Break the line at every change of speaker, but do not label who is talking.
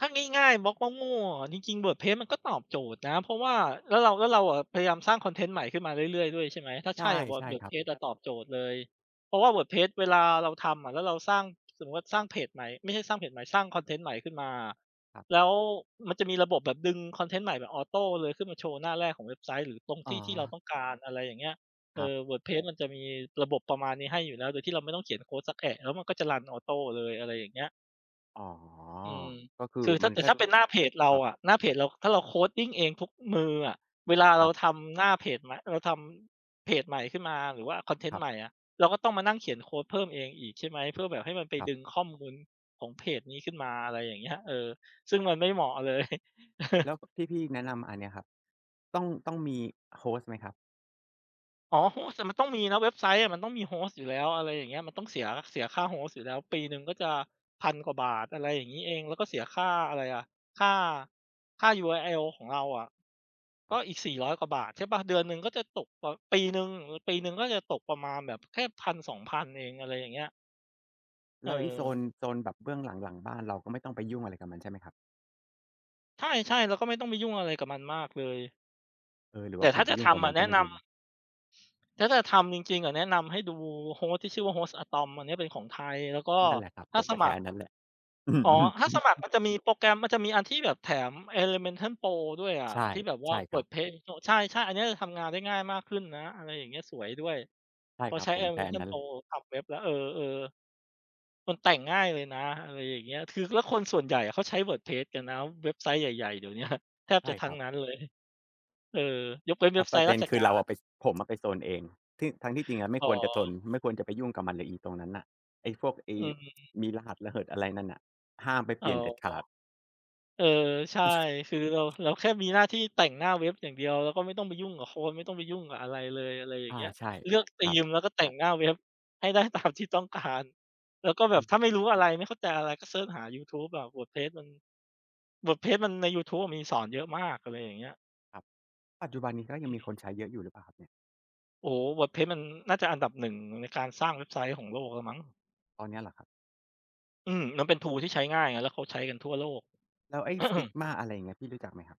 ถ้าง่าย ๆ บล็อกโง่ ๆ อะ เอาจริง ๆ WordPress มันก็ตอบโจทย์นะ เพราะว่า แล้วเรา แล้วเราอะพยายามสร้างคอนเทนต์ใหม่ขึ้นมาเรื่อย ๆ ด้วย ใช่ไหม ถ้า
ใช
ใช
่
่อะ Wor
ใช่ครับ
WordPress อะตอบโจทย์เลย เพราะว่า WordPress เวลาเราทำอะ แล้วเราสร้าง สมมุติว่าสร้างเพจใหม่ ไม่ใช่สร้างเพจใหม่ สร้างคอนเทนต์ใหม่ขึ้นมาอะ
ครับ
แล้วมันจะมีระบบแบบดึงคอนเทนต์ใหม่แบบออโตเลย ขึ้นมาโชว์หน้าแรกของเว็บไซต์ หรือตรง
อ
ท
๋
ี่ที่เรา
อ
ต้องการ อะไรอย่างเงี้ย เอ
ครับ
อ WordPress มันจะมีระบบประมาณนี้ให้อยู่แล้ว โดยที่เราไม่ต้องเขียนโคดสักแอะ แล้วมันก็จะรันออโตเลย อะไรอย่างเงี้ย
อ๋อ
อืม
ก็คือ
คือถ้
มั
า
น
แต่
ก็
ถ้า
จ
เ
ะ
ป็นหน้าเพจเรา
ครับ
อะ หน้าเพจเราถ้าเรา coding เองทุกมืออะ เวลา
ค
เรา
รับ
ทำหน้าเพจมา เราทำเพจใหม่ขึ้นมา หรือว่าคอนเทน
ค
ต
ร
์
ับ
ใหม่อะ เราก็ต้องมานั่งเขียนโคดเพิ่มเองอีก ใช่ไหม เพื่อแบบให้มันไป
ครับ
ดึงข้อมูลของเพจนี้ขึ้นมา อะไรอย่างเงี้ย เออ ซึ่งมันไม่เหมาะ เลย
แล้วที่พี่แนะนำอันเนี้ยครับ ต้อง ต้องมี host ไหมครับ?
อ๋อ host อะมันต้องมีนะเว็บไซต์อะ มันต้องมี host อยู่แล้ว อะไรอย่างเงี้ย มันต้องเสีย เสียค่า host อยู่แล้วปีหนึ่งก็จะ 1,000 กว่าบาท อะไรอย่างงี้เอง แล้วก็เสียค่าอะไรอะ ค่า ค่า URL ของเราอะ ก
ค
็
รับ
อีก 400 กว่าบาท ใช่เปล่า เดือนหนึ่งก็จะตก ปีหนึ่ง ปีหนึ่งก็จะตกประมาณแบบแค่ 1,000-2,000 พันเอง อะไรอย่างเงี้ย
แล้วอีโซน
เออ
โซนแบบเบื้องหลัง หลังบ้านเราก็ไม่ต้องไปยุ่งอะไรกับมันใช่ไหมครับ?
ใช่ ๆ เราก็ไม่ต้องไปยุ่งอะไรกับมันมากเลย
เออ หรือ
แต
ว่
่
าผ
ถ้
ม
า
ไป
จะ
ยุ่
ท
งกับ
ำอ
มั
ะ
น
แน
ก
ะ
็ไม่
น
รู
ำ
้
ถ้าจะทำจริง ๆ อะ แนะนำให้ดู host ที่ชื่อว่า Hostatom อันเนี้ยเป็นของไทย แล้วก็
นั่นแหละครับ
ถ
ผ
้า
ม
ส
ก็ใช
ม
้
ัคร
อันนั้นแหละ
อ๋อ ถ้าสมัครมันจะมีโปรแกรม มันจะมีอันที่แบบแถม Elementor Pro ด้วยอะ
ใช่
ที่แบบว
ใ
่
ช
า
่ครับ
WordPress โอ้ ใช่ ๆ อันเนี้ยจะทำงานได้ง่ายมากขึ้นนะ อะไรอย่างเงี้ย สวยด้วย
ใช่
พอ
ครั
ใช
บ
้
ผมใช้อัน
Elementor
นั้น
Pro ทำเว็บแล้ว เออ ๆ มันแต่งง่ายเลยนะ อะไรอย่างเงี้ย คือแล้วคนส่วนใหญ่อะเขาใช้ WordPress กันนะ เว็บไซต์ใหญ่ ๆ เดี๋ยว เนี้ย แทบ
ใช
จ
่
ะท
ค
ั้
ร
ง
ับ
นั้นเลย เออ ยกเว้น
แ
เ
ต
ว็
่
บไ
ป
ซ
ระ
ต
เ
์
ด
ร
็
า
น
ช
คื
ก
อ
า
เราอ
ร
ะไป ผมอะไปซนเอง ที่ ทั้งที่จริงอะไม่
อ๋
ค
อ
วรจะซน ไม่ควรจะไปยุ่งกับมันเลยอีตรงนั้นน่ะ ไอ้พวกไอ้
อืม ๆ ๆ
มีรหัสระเหิดอะไรนั่นน่ะ ห้ามไปเ
อ
ป
๋อ
ลี่ยนเด็ดขาด
เออ ใช่ คือ เรา
[unintelligible]
เราแค่มีหน้าที่แต่งหน้าเว็บอย่างเดียวแล้วก็ไม่ต้องไปยุ่งกับโคด ไม่ต้องไปยุ่งกับอะไรเลย อะไรอย่า
อ
ง
า
เงี้ย
ใช่
เลือกธ
ค
ี
รับ
มแล้วก็แต่งหน้าเว็บให้ได้ ตามที่ต้องการ แล้วก็แบ
อ
บถ้
ืม
าไม่รู้อะไร ไม่เข้าใจอะไร ก็เซิร์ชหายูทูบอะ WordPress มัน WordPress มันในยูทูบอะมีสอนเยอะมาก อะไรอย่างเงี้ย
ครับ ปัจจุบันนี้ก็ยัง
อื
ม
อ
ี
ฮึ
คนใช้เยอะอยู่หรือเปล่าครับเนี่ย?
โอ้โฮ WordPress มันน่าจะอันดับ 1 ในการสร้างเว็บไซต์ของโลกแล้วมั้ง
ตอนเนี้ยเหรอครับ?
อืม มันเป็น tool ที่ใช้ง่ายไง แล้วเขาใช้กันทั่วโลก
แล้วไอ้ Figma อะไรอย่างเงี้ย พี่รู้จักไหมครับ?